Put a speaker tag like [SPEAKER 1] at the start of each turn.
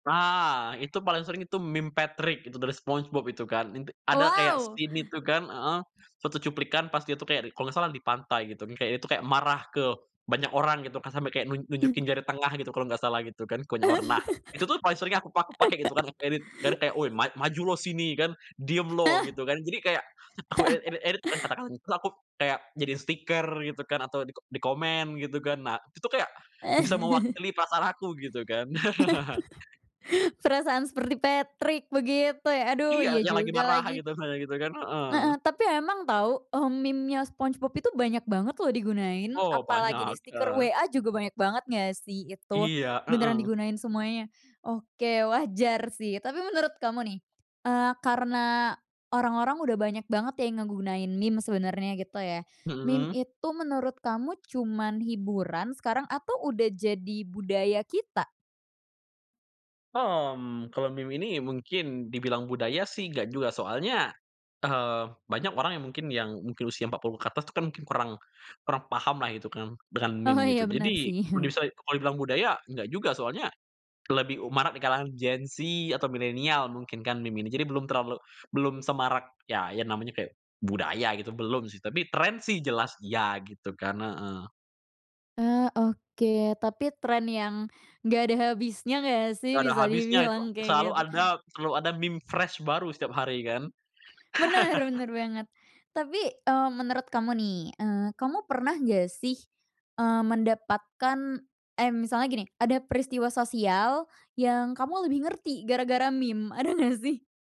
[SPEAKER 1] Nah, itu paling sering itu meme Patrick itu dari Spongebob, itu kan. Int ada kayak
[SPEAKER 2] Wow!
[SPEAKER 1] scene itu kan, heeh, suatu cuplikan pas dia tu kayak kalo nggak salah di pantai, gitu, kayak dia itu kayak marah ke banyak orang gitu kan, sampai kayak nun nunjukin jari tengah gitu kalau nggak salah, gitu kan ke banyak orang. Nah, itu tuh paling sering yang aku pak pakai, gitu kan, aku edit, biar kayak, "Woi ma maju loh sini." Kan, "Diem loh." Gitu kan. Jadi, kayak aku ed edit-edit [unintelligible] Terus aku kayak jadiin stiker gitu kan, atau diko dikomen gitu kan. Nah, itu kayak bisa mewakili perasaan aku gitu kan.
[SPEAKER 2] Perasaan seperti Patrick begitu, ya? Aduh,
[SPEAKER 1] Iya,
[SPEAKER 2] iya
[SPEAKER 1] yang lagi
[SPEAKER 2] juga
[SPEAKER 1] marah,
[SPEAKER 2] lagi.
[SPEAKER 1] gitu, misalnya gitu kan, heeh.
[SPEAKER 2] Heeh tapi emang tau, eee, memenya Spongebob itu banyak banget loh digunain,
[SPEAKER 1] Oh,
[SPEAKER 2] apalagi di
[SPEAKER 1] banyak,
[SPEAKER 2] stiker
[SPEAKER 1] eee
[SPEAKER 2] WA juga banyak banget nggak sih itu?
[SPEAKER 1] Iya,
[SPEAKER 2] Beneran
[SPEAKER 1] mhm.
[SPEAKER 2] digunain semuanya. Oke, wajar sih. Tapi menurut kamu nih, eee, karena orang-orang udah banyak banget ya yang ngegunain meme sebenernya gitu ya, meme
[SPEAKER 1] Mhm.
[SPEAKER 2] itu menurut kamu cuman hiburan sekarang, atau udah jadi budaya kita?
[SPEAKER 1] Hmm, kalau meme ini mungkin dibilang budaya sih nggak juga, soalnya, eee, banyak orang yang mungkin yang mungkin usia 40 ke atas itu kan kurang kurang paham lah gitu kan, dengan
[SPEAKER 2] Oh,
[SPEAKER 1] meme,
[SPEAKER 2] iya
[SPEAKER 1] gitu.
[SPEAKER 2] bener
[SPEAKER 1] Jadi,
[SPEAKER 2] sih.
[SPEAKER 1] kondisai kalau dibilang budaya enggak juga. Soalnya lebih u marak di kalangan Gen Z, atau Milenial mungkin kan meme ini. Jadi belum terlalu belum semarak ya ya, namanya kayak budaya gitu, belum sih. Tapi tren sih jelas, iya, gitu kan. Heeh.
[SPEAKER 2] Eee, oke. Tapi tren yang nggak ada habisnya nggak sih?
[SPEAKER 1] Nggak ada
[SPEAKER 2] Bisa
[SPEAKER 1] habisnya itu,
[SPEAKER 2] dibilang kaya
[SPEAKER 1] selalu
[SPEAKER 2] gitu.
[SPEAKER 1] ada selalu ada meme fresh baru setiap hari, kan?
[SPEAKER 2] Bener bener banget. Tapi, eee, menurut kamu nih, eee, kamu pernah nggak sih, eee, mendapatkan eh, misalnya gini, ada peristiwa sosial yang kamu lebih ngerti gara-gara meme, ada nggak sih?